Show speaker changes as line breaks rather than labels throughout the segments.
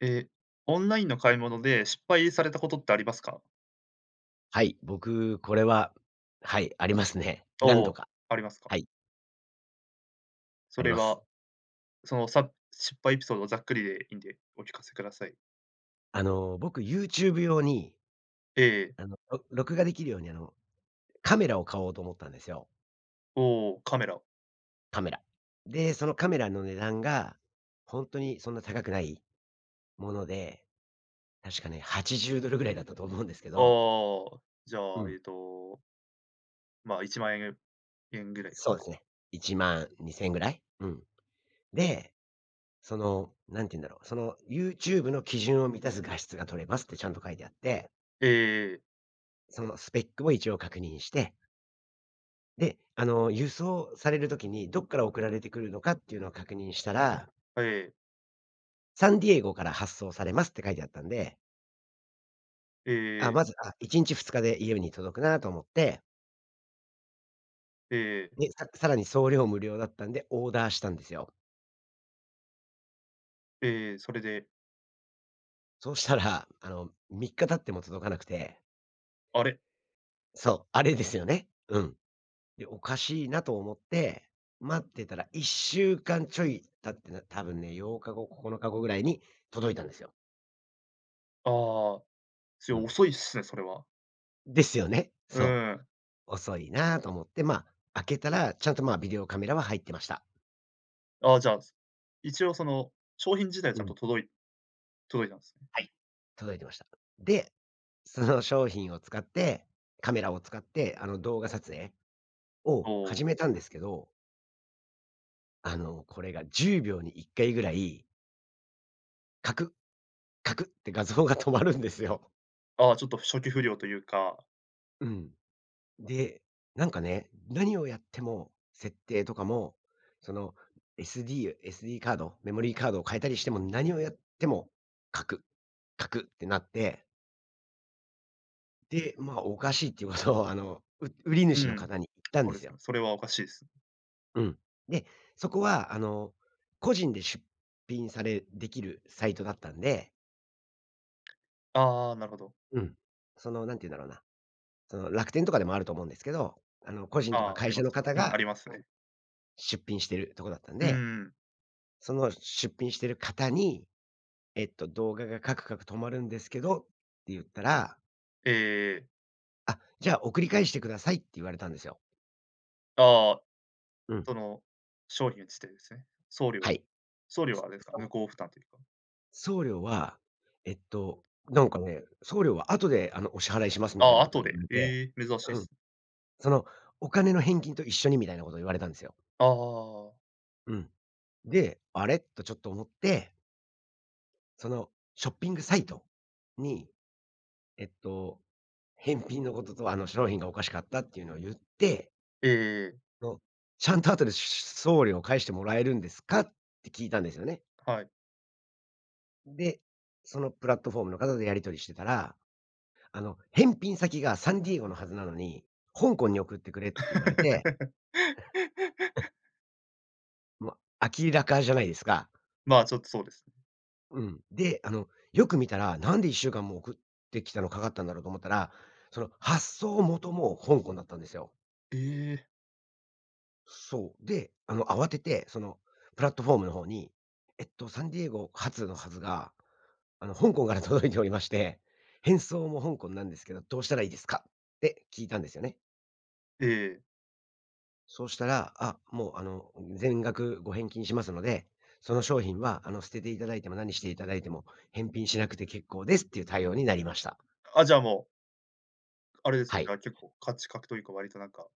え、オンラインの買い物で失敗されたことってありますか？
はい。僕これは、はい、ありますね。何
お
度
お、
か、
ありますか？
はい。
そ
あり
れ
ま
は
す。
そのさ失敗エピソードをざっくりでいんで、お聞かせください。
あの、僕 YouTube 用に
ええええ。
あの、ろ録画できるように、あのカメラを買おうと思ったんですよ。
おお、カメラ。
カメラ。で、そのカメラの値段が、ほんとにそんな高くないもので。確かね、80ドルぐらいだったと思うんですけ
あ
ど。
あ、じゃ
う
あ、え
ん。
っとま、10000円-円ぐ
ん
らいですか
そ
ね。
うですね。12000円ぐらい。うん。で、その何て言うんだろう。その YouTube の基準を満たす画質が取れますってちゃんと書いてあって
ええええええ。
そのスペックも一応確認してで、あの、輸送される時にどっから送られてくるのかっていうのを確認したら
あ、ええ。
サンディエゴから発送されますって書いてあったんで
えええええ
あ、
え。
まず、あ、1日2日で家に届くなと思って
ええええ。
で、ささらに送料無料だったんで、オーダーしたんですよ。
ええ、それで？
そうしたら、あの、3日経っても届かなくて。
あれ。
そう、あれですよね。うん、で、おかしいなと思って待ってたら1週間ちょい経って、な多分ね、8日後、9日後ぐらいに届いたんですよ。
ああ。それ
うん。
遅いっすね、それは。
ですよね。
う
そ
ん。
う。遅いなと思って、ま、開けたらちゃんと、ま、ビデオカメラは入ってました。
あ、じゃ、す一応その、商品自体ち
う
ゃん
ん。
と届い届いたんすね。
はい、届いていました。で、その商品を使って、カメラを使って、あの、動画撮影
お
を
お。
始めたんですけどあの、これが10秒に1回ぐらいかく、かくって画像が止まるんですよ。
ああ、ちょっと初期不良とゆうか
うん。で、なんかね、何をやっても、設定とかも、その SD SD カードメモリーカードを変えたりしても何をやっても、カク、カクってなって。で、まあ、おかしいっていうことを、あの、う売り
う
主の
ん。
方に言ったん
そう
で
で
す
すね、
よ。
それはおかしいす。
うん。で、そこは、あの、個人で出品されできるサイトだったんで
ああ、なるほど。
うん、その、なんてゆんだろうな、その、楽天とかでもあると思うんですけど、あの、個人とか
ああ、あ
会
り
社
ま
の
すね。
方
うん、
が
あ
うん、
りますね。
出品してるところだったん
うん
で、
うん。
その出品してる方に、えっと、動画がカクカク止まるんですけどってゆったら
ええええええ。
あ、じゃあ、送り返してくださいって言われたんですよ。
ああ。
うん。
その、商品についてですね。送料
はい。
送料
す
はあれで
う、
すか？
そ
向
う。
こう負担というか。
送料は、えっと、なんかね、送料は後で、あの、お支払いしますみた
あ
い
あ、
なこと
後
言
で、
われて、
ええ、珍し
う
い
ん、
す。
その、お金の返金と一緒にみたいなこと言われたんですよ。
ああああああああ。
うん。で、あれ、とちょっと思ってそのショッピングサイトに、えっと、返品のことと、あの、商品がおかしかったっていうのをゆって
ええええええ。
その、ちゃんと後で、しゅしゅしゅ送料返してもらえるんですか？って聞いたんですよね。
はい。
で、そのプラットフォームの方とやり取りしてたら、あの、返品先がサンディエゴのはずなのに香港に送ってくれって言われて も、明らかじゃないですか。
まあ、ちょっとそうですね。
うん。で、あの、よく見たら、なんで1週間も送ってきたのかかったんだろうと思ったら、その発送元も香港だったんですよ。
ええ。
そう。で、あの、慌てて、その、プラットフォームのほうに、えっと、サンディエゴ発のはずが、あの、香港から届いておりまして、返送も香港なんですけど、どうしたらいいですか？って聞いたんですよね。
ええええ。
そうしたら、あ、もう、あの、うん、全額ご返金しますので、その商品は、あの、捨てていただいても何していただいても返品しなくて結構ですっていう対応になりました。
あ、じゃ、もうあれです
は
ね、じゃ
い。
あ、結構価値かくというか、割となんか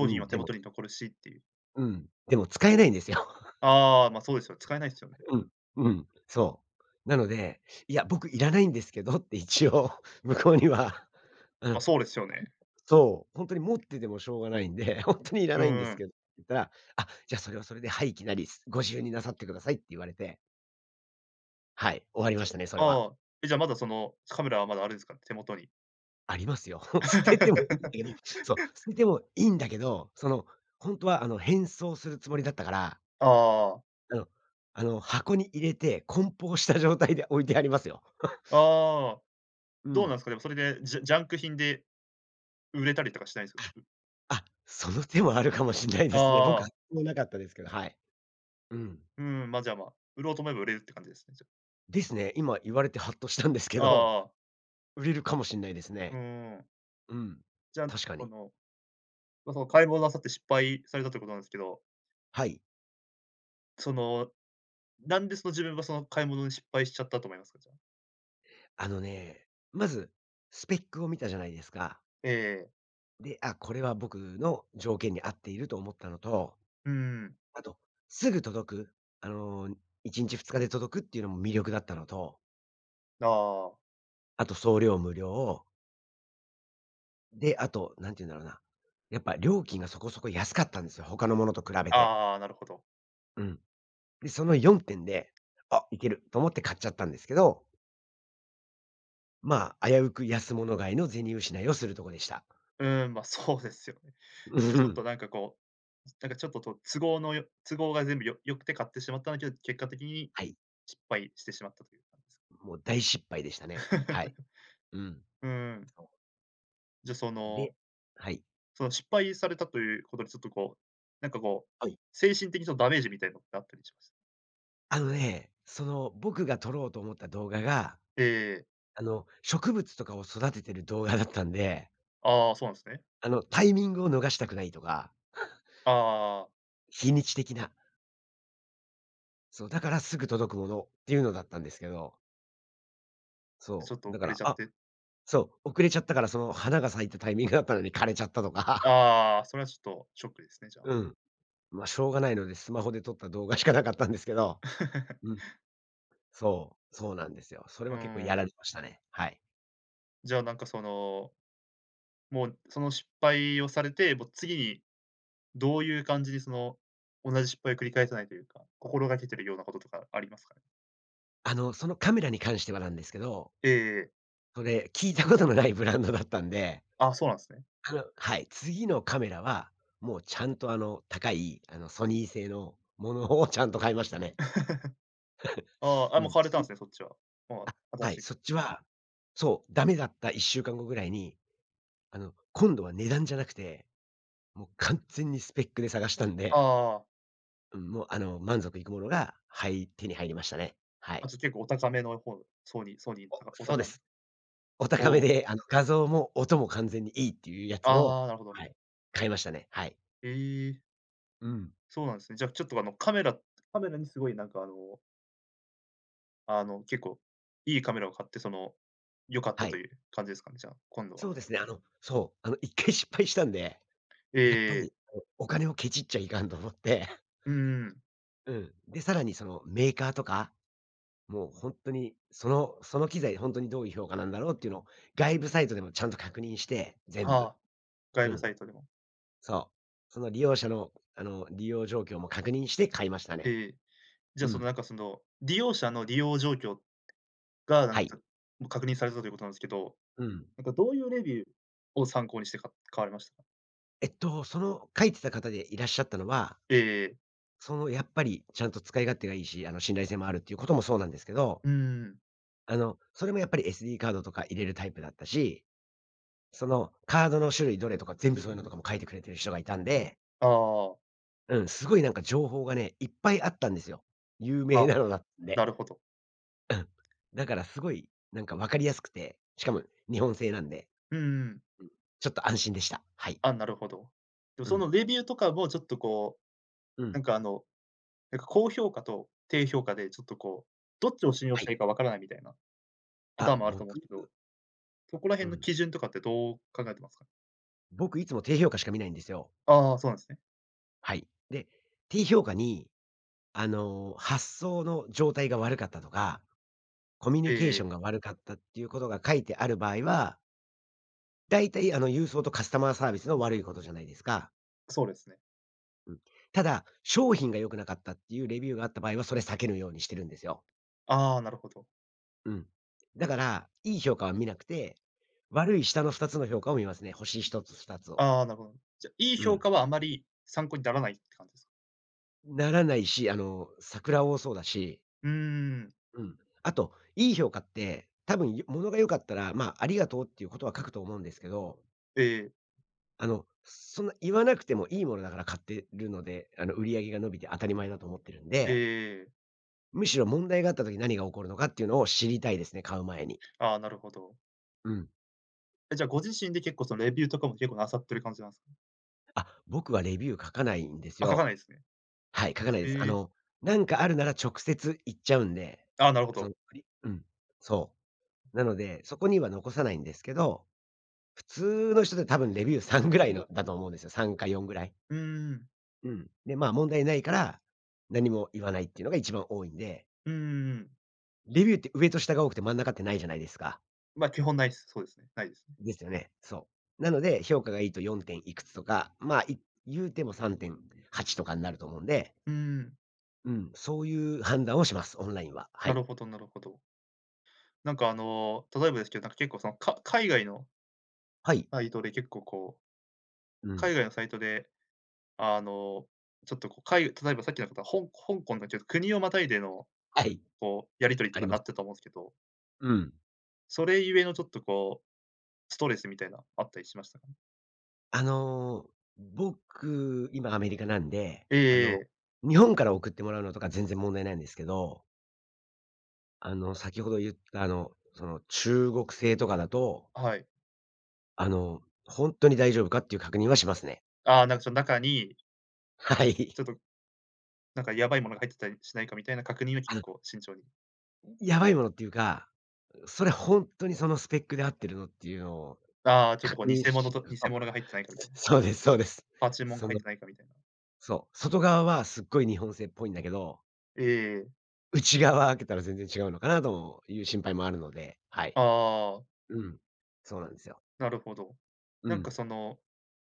う
品は
ん、
手
でも
元に残るしっていう。
うん。でも使えないんですよ。
ああ、ま、そうですよ、使えないっすよね。
うん、ううん、そう。なので、いや僕いらないんですけどって一応向こうには。う
ま、
ん、
そうですよね。
そう。ほんとに持っててもしょうがないんで、ほんとにいら
う
ないんですけ
ん。
ど、言ったら。あ、じゃあ、それはそれで「廃棄なりご自由になさってください」って言われて。はい、終わり
じ
ま
ゃ、
したね、それは。
ああ。え、じゃあまだその、カメラはまだあるんですか？手元に。
ありますよ。捨ててもいいんだけど、そう、捨ててもいいんだけど。その、ほんとはあの、返送するつもりだったから
ああ-ああああ。
え、おあの、箱に入れて梱包した状態で置いてありますよ。
ああ、
う
どう
ん。
なんすか、でも、それで、ジャジャンク品で。売れたりとかしないんすか？
あ、
う
あ、その手もあるかもしんない
あ
ですね。僕
あ。
もなかったですけど。はい。うん。
うーん、ま、じゃ、ま、売ろうと思えば売れうって感じですね、じゃ。
ですね。今言われてハッとしたんですけ
ああ
ど。
ああああ。
売れるかもしんないです
う
ね。
ん。
うん、
じゃん、
確か
こ
に。
の。ま、その買い物をなさって失敗されたということなんすけど
はい。
その、なんでその、自分はその買い物に失敗しちゃったと思いますか？じゃあ。
あのね、まずスペックを見たじゃないですか
ええええ。
で、あ、これは僕の条件に合っていると思ったのと、
うんうん。
あと、すぐ届く。あの、1日2日で届くっていうのも魅力だったのと
だ、ああ。
あと送料無料で、あと、何て言うんだろうな。やっぱ料金がそこそこ安かったんですよ、他のものと比べて。
ああ、なるほど。
うん。で、その4点で「あ、いける」と思って買っちゃったんですけど。ま、危うく安物買いの銭失いをするとこでした。
うん、ま、そうですよね。
う
じゃ、ちょっと
ん。
なんかこう、ずなんかちょっと、と都合のよ都合が全部よ良くて買ってしまったんけど、結果的に、
はい。
失敗してしまったという感じす…
もう大失敗でしたね。はい。うん。
うん。
そう。
じゃ、そ
で
の
はい。
その失敗されたということで、ちょっとこう、なんかこう、
はい。
精神的そのダメージみたいのってあったりします？
あのね。その、僕が撮ろうと思った動画が、
ええええ。
あの、植物とかを育ててる動画だったんで
ああ、そうなんすね。
あの、タイミングを逃したくないとか
ああああああ。
日にち的な。そう、だからすぐ届くものっていうのだったんですけど。
ち
そ
ょっと
う。だ
遅
か
れ
ら
ちゃっ
あ、
て？
そう、遅れちゃったから、その、花が咲いたタイミングだったのに枯れちゃったとか。
ああ。それはちょっとショックですね、じゃあ。
うん、ま、しょうがないのでスマホで撮った動画しかなかったんですけど。うん、そう、そうなんですよ、それ
う
は結構
ー
や
ん。
られましたね、はい。
じゃあ、なんかそのもう、その失敗をされて、もう次にどういう感じに、その、同じ失敗を繰り返さないというか、心がけてるようなこととかありますかね？
あの、そのカメラに関してはなんですけど
ええええ。
それ、聞いたことのないブランドだったんで
ああ、そうなんすね。
あの、はい。次のカメラはもうちゃんと、あの、高い、あの、ソニー製のものをちゃんと買いましたね。
あ あ、あ、
う
もう
ん。
買われ
つう
たんすね、そっちは、もう、
あ、
あ、新
はい、
しい
そ
カ
っ
メ
ちは、そう、ダメだった1週間後ぐらいに。あの、今度は値段じゃなくて、もう完全にスペックで探したん
あ
で、
あああ。
うん、もうあの、満足いくものが入り手に入りましたね。は
あ、
い。
じゃ、結構お高めの方、ソニーソニー
お、
とか、お
そうで
高ん
す。お高
お
め
お。
で。あの、画像も音も完全にいいっていうやつを、
ああ、なるほど。
はい、買いましたね、はい。
ええ。
うん。
そうなんすね。じゃ、ちょっとあの、カメラカメラにすごいなんか、あのあの、結構、いいカメラを買って、その、良かっ
は
たと
い。
いう感じですかね？じゃあ、今度は。
そうですね。あの、そう、あの、1回失敗したんで、
え
やっぱ
ええ
い、
え。
おお金をケチっちゃいかんと思って
うんうん。
うん。で、さらに、その、メーカーとか、もう、ほんとに、そのその機材ほんとにどういう評価なんだろうっていうのを、外部サイトでもちゃんと確認して、全
あ
部、
あ、
う
外部
ん。
サイトでも。
そう、その利用者の、あの、利用状況も確認して買いました
ええ
ね。
ええ、じゃあ、
う
その、
ん。
なんかその、利用者の利用状況が、なん
はい。
か、かもう確認されたということなんすけど、
うん。
なんかどういうレビューを参考にしてか買われましたか？
えっと、その、書いてた方でいらっしゃったのは
ええええ。
その、やっぱり、ちゃんと使い勝手がいいし、あの、信頼性もあるっていうこともそうなんですけど。
うんうん。
あの、それもやっぱり SD カードとか入れるタイプだったし、そのカードの種類どれとか全部そういうのとかも書いてくれてる人がいたんで
ああああ。
うん、すごいなんか情報がね、いっぱいあったんですよ。有名
あ、
なのだっ
な
て。
るほど。
うん、だからすごいなんか分かりやすくて、しかも日本製なんで。
うんうん。
うん、ちょっと安心でした。はい。
あ、なるほど。でも
う
そ
ん。
のレビューとかも、ちょっとこう、
う
なん
ん。
かあの、なんか高評価と、低評価で、ちょっとこう、どっちを信用
は
して
い。
いいか分からないみたいな、パ
あ、
ターンもあると思うん
僕
すけど、そこら
う
辺の
ん。
基準とかってどう考えてますか。
僕いつも低評価しか見ないんですよ。
ああ、そうなんすね。
はい。で、低評価に、あの、発送の状態が悪かったとか、コミュ
え
ニ
え
ケー
え
ショ
え。
ンが悪かったっていうことが書いてある場合は大体、あの、郵送とカスタマーサービスの悪いことじゃないですか。
そうですね。
うん、ただ、商品が良くなかったっていうレビューがあった場合は、それ避けるようにしてるんですよ。
ああ、なるほど。
うん。だから、いい評価は見なくて、悪い下の2つの評価を見ますね。星1つ2つを。
ああ、なるほど。じゃ、いい
う
評
ん。
価はあまり、参考にならないって感じですか。
ん、ならないし、あの、サクラ多そうだし。
うーん。
うん、あといい評価って多分よものが良かったら、ま、ありがとうっていう事は書くと思うんですけど。
ええ。
あのそんな、言わなくても良いものだから買ってるので。あの、売り上げが伸びて当たり前だと思ってるん
ええ
で。
ええええ。
むしろ問題があった時に何が起こるのかっていうのを知りたいですね、買う前に。
ああ、なるほど。
うん。
え、じゃあ、ご自身で結構そのレビューとかも結構なさってる感じなんす
あ、僕はレビュー書かないんです
あ、書か
よ。
ないんすね。
はい、書かないです。あ
へえ。
の、何かあるなら直接言っちゃうんで、
ああ、なるほ
その、
ど。
ふりうん。そう。なのでそこには残さないんですけど、普通の人で多分レビュー3ぐらいのだと思うんですよ。3か4ぐらい。
うーん。
うん。で、ま、問題ないから何も言わないっていうのが一番多いんで。
うんうんうん。
レビューって上と下が多くて、真ん中って無いじゃないですか。
ま、基本ないっす。そうですね、無いですね。
ですよね、そう。なので評価がいいと4点いくつとか、ま、い言うても3.8とかんなると思うんで。
うーん。
うん、そういう判断をします。オンラインは、は
な
い。
るほどなるほど。なんか、あの、例えばですけど、なんか結構その、か海外の
はい。
サイトで結構こう、
う
海
ん。
外のサイトで、あの、ちょっとこう、かいたのえばさっきの方、ほん香港のきょ国をまたいでの、
はい。
こうやり取りと
あ
か
りま
な
す。
ったと思うんすけど
うん。
それゆえのちょっとこう、ストレスみたいな、あったりしましたか？
あの、僕今アメリカなんで
え
あ
ええ
の、
え。
日本から送ってもらうのとか全然問題ないんですけどあの、先ほど言った、あの、その中国製とかだと
はい。
あの、ほんとに大丈夫かっていう確認はしますね。
ああ、なんかそん中に
はい。
ちょっと、なんかやばいもの
う
が
ん。
入ってたりしないかみたいな確認は、
あ
結
るの
構慎重に。
うん、ヤバいものっていうか、うそれほんとにそのスペックで合ってるのっていうのを
ああ、ちょっとこう
確
偽
認
物
し、
と
うそ
偽
う、
物が入ってないかみたいな？
そうですそうです。
ああ、注文が
そ
入っ
の
てないかみたいな。
そう、外側はすっごい日本製っぽいんだけど
ええええ。
内側開けたら全然違うのかなのいう心配もあるので、はい。
ああああ。
うん、そうなんですよ。
なるほど。
う
なんか
ん。
その、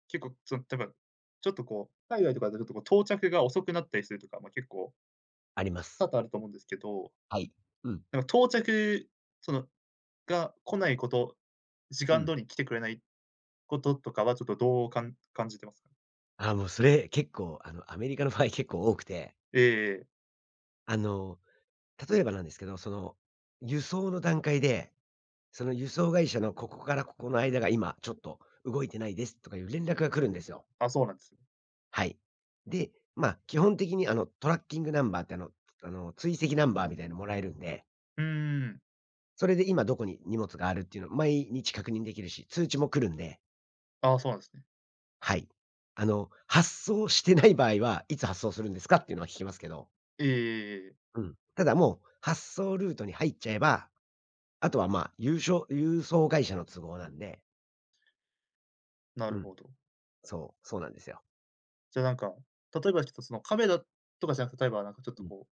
結構そん、てば、ちょっとこう、海外とか出ると、こう、到着が遅くなったりするとか、ま、結構
あります。
多々あると思うんですけど
はい、うん。
なか、到着そのが来ないこと。時
う
間
ん。
通りに来てくれないこととかはちょっとどうかん感じてますか？
あ、もう、それ、結構、あの、アメリカの場合結構多くて
ええええ。
あの、例えばなんですけど。その、輸送の段階で、その輸送会社のここからここの間が、今ちょっと動いてないですとかいう連絡が来るんですよ。
あ、そうなんすね。
はい。で、ま、基本的にあの、tracking number ってあのあの追跡ナンバーみたいなもらえるんで
うんうんうん。
それで今どこに荷物があるっていうの毎日確認できるし、通知も来るんで。
ああ、そうなんですね。
はい、あの、発送してない場合はいつ発送するんですか？っていうのは聞きますけど
ええええええ。
うん、ただもう発送ルートに入っちゃえば、あとは、ま、ゆうしょ郵送会社の都合なんで。
な
う
る
ん。
ほど。
そう、そうなんですよ。
じゃ、なんか、例えばちょっとその、カメラとかじゃなくて、例えばなんか、ちょっ
う
と、
ん。
こう、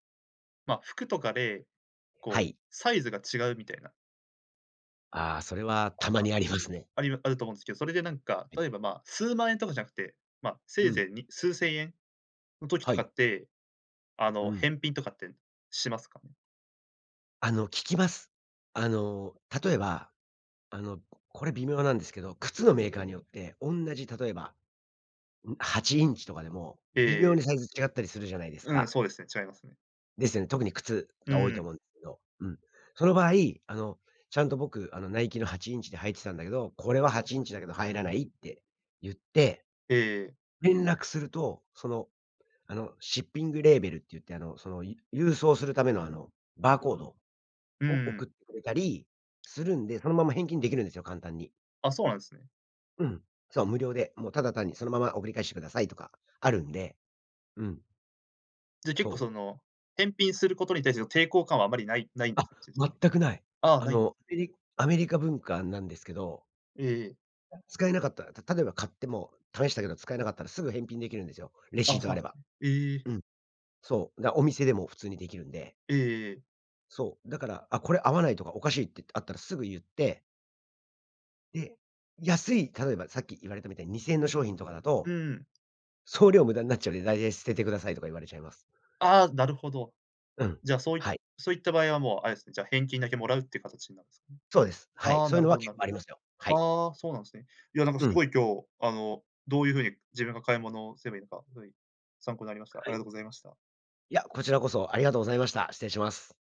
ま、服とかで、
は
こう、
い。
サイズが違うみたいな
ああ、それは たまにありますね。
ありまあると思うんですけど、それでなんか、
はい。
例えば、ま、数万円とかじゃなくて、ま、せ
う
い
ん。
ぜいに数千円の時
は
とか
い。
って、あ
う
の、
ん。
返品とかってしますかね？
あの、聞きます。あの、例えば、あの、これ微妙なんですけど、靴のメーカーによっておんなじ、例えば、ん、８インチとかでも
え
微
え
妙
え
に
え。
サイズ違ったりするじゃないです
うん、
か。
そうですね、違いますね。
ですよね。特に靴
う
が多い
ー
と
ん。
思うんですけど、うん。その場合、あの、ちゃんと僕、あの「ナイキの8インチで履いてたんだけど、これは8インチだけど入らない」って言って
ええええ。
連絡すると、その、あの、シッピングレーベルっていって、あの、そのい郵送するための、あの、バーコード
うー
を送っ
ん。
てくれたりするんで、そのまま返金できるんですよ、簡単に。
あ、そうなんすね。
うん、そう、無料で。もうただ単にそのまま送り返してくださいとかあるんで、うん。
じゃ、結
そ
構、そ
う。
の、返品することに対しての抵抗感はあまり無い無い
あ、
すね。
全く無い。
ああ、
あ
無い。
の、フリアメリカ文化なんですけど。
ええええ。
使えなかったら、た例えば買ってもう試したけど使えなかったら、すぐ返品できるんですよ、レ
あ
シ
あ、
ー
そ
ト
う
あ
なん
れ
す
ば。
ね。ええ。
うん、そう。だ、お店でも普通にできるんで。
ええええええ。
そう。だから、「あ、これ合わない」とか「おかしい」っていってあったらすぐ言ってで、安い、例えばさっき言われたみたいに2千円の商品とかだ
う
と
ーん。
送料無駄んなっちゃうんで、大体「捨ててください」とか言われちゃいます。
ああ、なるほど。
うん。
じゃ、そうい
はい。
そういった場合はもうあれすね、返金だけもらうって形になるんすかね。
そうです。はい。
ああ、
そう
な
いう
る
の
ほ
は
ど
結
なる
構ありますよ。はい。
ああ、そうなんすね。いや、なんか、す
うん。
ごい今日、あの、どういうふうに自分が買い物をすればいいのか、はい、参考になりました。あ
は
りが
い。
とうございました。
いや、こちらこそ、ありがとうございました。失礼します。